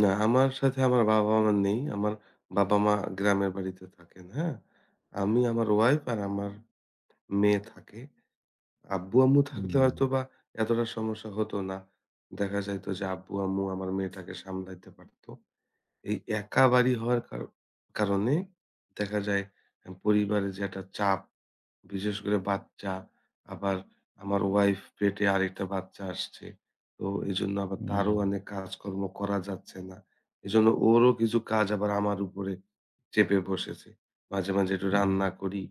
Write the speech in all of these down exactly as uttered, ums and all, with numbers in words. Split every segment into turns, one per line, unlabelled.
না, আমার সাথে আমার বাবা মা নেই। আমার বাবা মা গ্রামের বাড়িতে থাকেন, হ্যাঁ? আমি আমার ওয়াইফ আর আমার মেয়ে থাকে। আব্বু, আম্মু থাকলে
হুম।
হয়তোবা এতটা সমস্যা হতো না। দেখা যাইত যে আব্বু, আম্মু আমার মেয়েটাকে সামলাইতে পারত। এই একা বাড়ি হওয়ার কার কারণে দেখা যায় পরিবারে যে একটা চাপ বিশেষ করে বাচ্চা। আবার আমার ওয়াইফ পেটে আরেকটা বাচ্চা আসছে। তো এজন্য আবার তারও
হুম।
অনেক কাজকর্ম করা যাচ্ছে না। এজন্য ওরও কিছু কাজ আবার আমার উপরে চেপে বসেছে। মাঝে, মাঝে একটু রান্না
উম।
করি।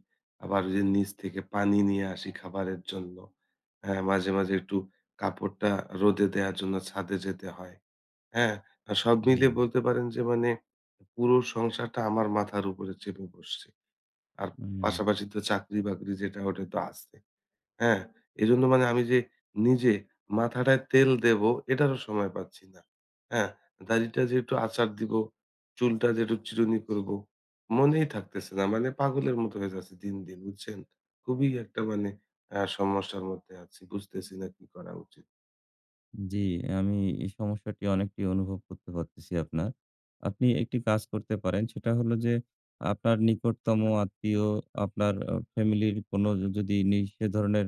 আবার নিচ থেকে পানি নিয়ে আসি খাবারের জন্য। হ্যাঁ, মাঝে মাঝে একটু কাপড়টা রোদে দেয়ার জন্য ছাদে যেতে হয়। হ্যাঁ? সব মিলিয়ে
হুম।
বলতে পারেন যে মানে পুরো সংসারটা আমার মাথার উপরে চেপে বসছে। আর
উম।
পাশাপাশি তো চাকরি বাকরি যেটা ওটা তো আছে। হ্যাঁ? এজন্য মানে আমি যে নিজে মাথাটায় তেল দেব এটারও সময় পাচ্ছি না। হ্যাঁ? দাড়িটা যে একটু আচার দিবো, চুলটা যে একটু চিরুনি করব মনেই থাকতেছে না। মানে পাগলের মতো হয়ে যাচ্ছে দিন দিন বুঝছেন? খুবই একটা মানে আ সমস্যার মধ্যে আছি। বুঝতেছি না কি করা উচিত।
জি, আমি এই সমস্যাটি অনেকটি অনুভব করতে পারতেছি আপনার। আপনি একটি কাজ করতে পারেন। সেটা হলো যে আপনার নিকটতম আত্মীয় আপনার ফ্যামিলির কোন যদি নি সে ধরনের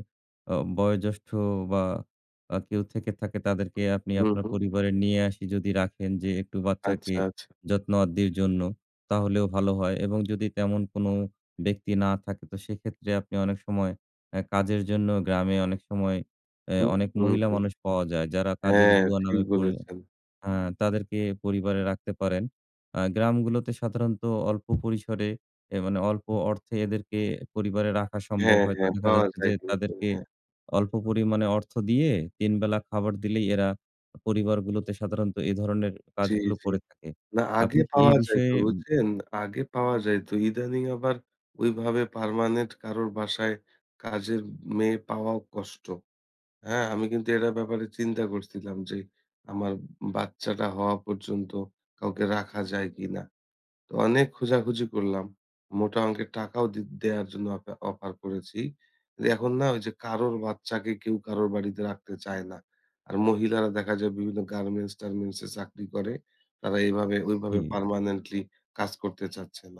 আ বয়োজ্যেষ্ঠ বা আ কেউ থেকে থাকে তাদেরকে আপনি
হু,
আপনার
হু।
পরিবারে নিয়ে আসি যদি রাখেন। যে একটু বাচ্চাকে
আচ্ছা, আচ্ছা।
যত্ন আদ্যির জন্য তাহলেও ভালো হয় এবং যদি তেমন কোন ব্যক্তি না থাকে, তো সেক্ষেত্রে আপনি অনেক সময় আ কাজের জন্য গ্রামে অনেক সময় আ
হু,
অনেক
হু,
মহিলা
হু।
মানুষ পাওয়া যায়। যারা কাজের
হ্যাঁ,
বুয়া
ঠিক
নামে পরি
বলেছেন।
আ তাদেরকে পরিবারে রাখতে পারেন। আ গ্রামগুলোতে সাধারণত অল্প পরিসরে অ্যা মানে অল্প অর্থে এদেরকে পরিবারে রাখা সম্ভব
হ্যাঁ,
হয়তো
হ্যাঁ
দেখা
পাওয়া
যাচ্ছে
যায়
যে
কিন্তু
তাদেরকে
হ্যাঁ।
অল্প পরিমাণে অর্থ দিয়ে, তিন বেলা খাবার দিলেই এরা পরিবারগুলোতে সাধারণত এ ধরনের
জি,
কাজগুলো
জি।
করে থাকে।
না
আপনি
আগে
কি এ
পাওয়া যাইত
বিষয়ে
বুঝছেন? আগে পাওয়া যাইত। ইদানিং আবার ঐভাবে permanent কারোর বাসায় কাজের মেয়ে পাওয়াও কষ্ট। হ্যাঁ, আমি কিন্তু এটার ব্যাপারে চিন্তা করছিলাম যে আমার বাচ্চাটা হওয়া পর্যন্ত কাউকে রাখা যায় কিনা। তো অনেক খোঁজাখুঁজি করলাম। মোটা অংকের টাকাও দে দেয়ার জন্য অফা অফার করেছি। এখন না যে কারোর বাচ্চাকে কেউ কারোর বাড়িতে রাখতে চায় না। আর মহিলারা দেখা যায় বিভিন্ন গার্মেন্টস টার্মেন্টসে চাকরি করে। তারা এভাবে ওইভাবে
হু।
permanently কাজ করতে চাচ্ছে না।